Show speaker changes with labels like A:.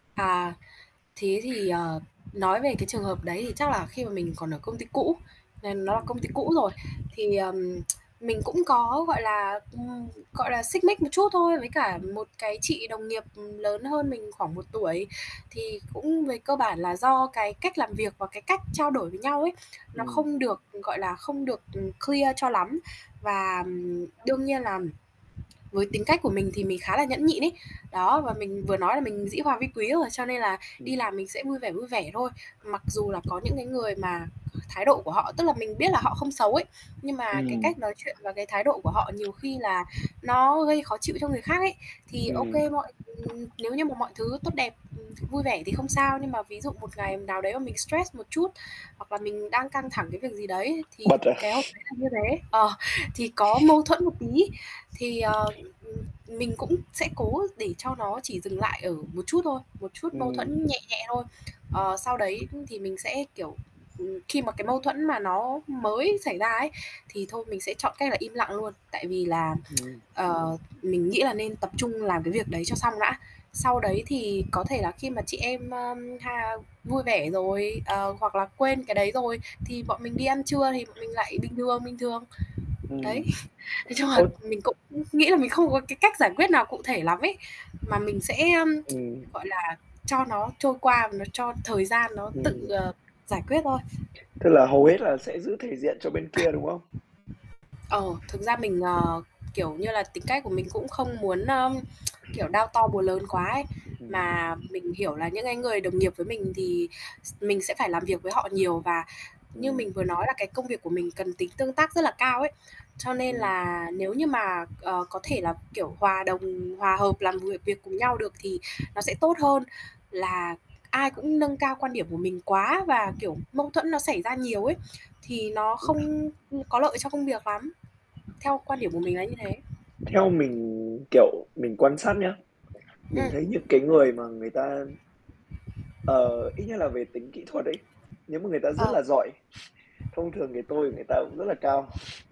A: À, thế thì, ờ, nói về cái trường hợp đấy thì chắc là khi mà mình còn ở công ty cũ, n nó là
B: Ừm.
A: công ty cũ rồi thì, ờ, mình cũng có, gọi là, ừm, gọi là, xích mích một chút thôi với cả một cái chị đồng nghiệp lớn hơn mình khoảng 1 tuổi. Thì cũng về cơ bản là do cái cách làm việc và cái cách trao đổi với nhau ấy nó
B: Ừm.
A: không được, gọi là, không được, ừm, clear cho lắm. Và, ừm,
B: [unintelligible]
A: đương nhiên là với tính cách của mình thì mình khá là nhẫn nhịn ấy. Đó, và mình vừa nói là mình dĩ hòa vi quý rồi, cho nên là đi
B: Ừm.
A: làm mình sẽ vui vẻ, vui vẻ thôi. Mặc dù là có những cái người mà thái độ của họ tức là mình biết là họ không xấu ấy, nhưng mà cái
B: Ừm.
A: cách nói chuyện và cái thái độ của họ nhiều khi là nó gây khó chịu cho người khác ấy. Thì, ô
B: Ừm.
A: kê, mọi ừm, nếu như mà mọi thứ tốt đẹp, ừm, vui vẻ thì không sao, nhưng mà ví dụ một ngày nào đấy mình stress một chút, hoặc là mình đang căng thẳng cái việc gì đấy ấy, thì
B: Bật à?
A: cái hôm đấy là như thế. Ờ, thì có mâu thuẫn một tí thì, ờ, ừm, mình cũng sẽ cố để cho nó chỉ dừng lại ở một chút thôi, một chút mâu
B: Ừm.
A: thuẫn nhẹ nhẹ thôi. Ờ, sau đấy thì mình sẽ, kiểu, ừm, khi mà cái mâu thuẫn mà nó mới xảy ra ấy, thì thôi mình sẽ chọn cách là im lặng luôn, tại vì là,
B: Ừm.
A: ờ, mình nghĩ là nên tập trung làm cái việc đấy cho xong đã. Sau đấy thì có thể là khi mà chị em, ơ, ha, vui vẻ rồi, ờ, hoặc là quên cái đấy rồi thì bọn mình đi ăn trưa thì bọn mình lại bình thường, bình thường. Đấy.
B: Ừm.
A: Nói chung là
B: Ơ
A: mình cũng nghĩ là mình không có cái cách giải quyết nào cụ thể lắm ấy, mà mình sẽ, a,
B: Ừm.
A: gọi là, cho nó trôi qua và nó cho thời gian nó tự,
B: Ừm.
A: ờ, giải quyết thôi.
B: Tức là hầu hết là sẽ giữ thể diện cho bên kia, đúng không?
A: Ờ, thực ra mình, ờ, kiểu như là, tính cách của mình cũng không muốn, ơ, kiểu, đao to bùa lớn quá ấy.
B: Ừm, ừm.
A: Mà mình hiểu là những cái người đồng nghiệp với mình thì s mình sẽ phải làm việc với họ nhiều, và như
B: Ừm.
A: mình vừa nói là cái công việc của mình cần tính tương tác rất là cao ấy, cho nên
B: Ừm.
A: là nếu như mà, ờ, có thể là, kiểu, hòa đồng, hòa hợp làm việc việc cùng nhau được thì nó sẽ tốt hơn là ai cũng nâng cao quan điểm của mình quá, và, kiểu, mâu thuẫn nó xảy ra nhiều ấy. Thì nó
B: Ừm.
A: không, ưm, có lợi cho công việc lắm, theo quan điểm của mình là như thế.
B: Theo mình, kiểu, mình quan
A: Ừm.
B: sát nhá, mình thấy những cái người mà người ta ờ, ít nhất là về tính kỹ thuật ấy, nếu mà người ta rất
A: Ờ.
B: là giỏi, thông thường cái tôi của người ta cũng rất là cao.